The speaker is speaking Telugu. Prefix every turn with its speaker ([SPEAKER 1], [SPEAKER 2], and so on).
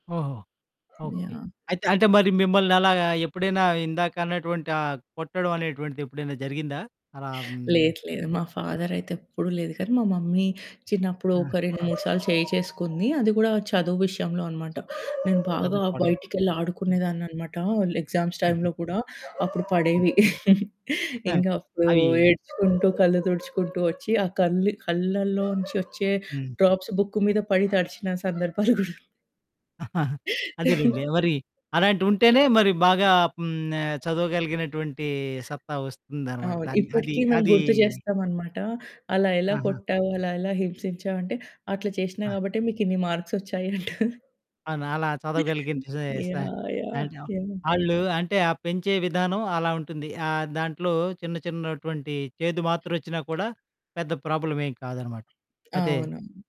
[SPEAKER 1] ఓహో! ఓకే.
[SPEAKER 2] యాహ్!
[SPEAKER 1] అయితే అంటే మరి మిమ్మల్నలాగా ఎప్పుడైనా ఇందాకన్నటువంటి ఆ కొట్టడం అనేటువంటిదెప్పుడైనా జరిగిందా? అలా హ్మ్.
[SPEAKER 2] లేదు లేదు. మా ఫాదరయితే ఎప్పుడూ లేదు గానీ మా మమ్మీ చిన్నప్పుడు
[SPEAKER 1] ఆ!
[SPEAKER 2] ఒక 2, 3 సార్లు చేయి చేసుకుంది. అది గూడా చదువు విషయంలో అనమాట. నేను బాగా
[SPEAKER 1] చదువు కొడ
[SPEAKER 2] బయటికెళ్ళి
[SPEAKER 1] హ్మ్.
[SPEAKER 2] ఆడుకునేదాన్ననమాట ల్ ఎగ్జామ్స్
[SPEAKER 1] హుహు.
[SPEAKER 2] టైమ్‌లో గూడా అప్పుడు
[SPEAKER 1] హ్మ్.
[SPEAKER 2] పడేవి. ఇంగప్పుడు
[SPEAKER 1] అయి
[SPEAKER 2] ఏడ్చుకుంటూ కళ్ళు తుడుచుకుంటూ వచ్చి ఆ కళ్ళు కళ్ళల్లోంచొచ్చే
[SPEAKER 1] హ్మ్.
[SPEAKER 2] డ్రాప్స్ బుక్కు మీద పడి తడిచిన సందర్భాలు గూడా ఉన్
[SPEAKER 1] అదేలెండి. ఎవరి అలాంటి ఉంటేనే మరి బాగా హ్మ్, ఆహ్, చదవగలిగినటువంటి సత్తా వస్తుందనమాట.
[SPEAKER 2] అవును.
[SPEAKER 1] దాన్ని అది
[SPEAKER 2] ఇప్పటికి మేము
[SPEAKER 1] అదీ
[SPEAKER 2] గుర్తు జేస్తామనమాట. అలా ఎలా
[SPEAKER 1] ఆహా!
[SPEAKER 2] కొట్టావు? అలా ఎలా హింసించావంటే "అట్లా చేశ్నా
[SPEAKER 1] ఆ!
[SPEAKER 2] కాబట్టే మీకిన్ని మార్క్సొచ్చాయి" అంటది.
[SPEAKER 1] అవునలా చదవగలిగించే సా
[SPEAKER 2] యాహ్! యాహ్! యాహ్!
[SPEAKER 1] ఆళ్ళు అంటే ఆ పెంచే విధానం అలా ఉంటుంది. ఆహ్, దాంట్లో చిన్న చిన్నటువంటి చేదు మాత్రొచ్చినా కూడా, పెద్ద ప్రాబ్లమేం కాదనమాట. అదే.
[SPEAKER 2] అవును.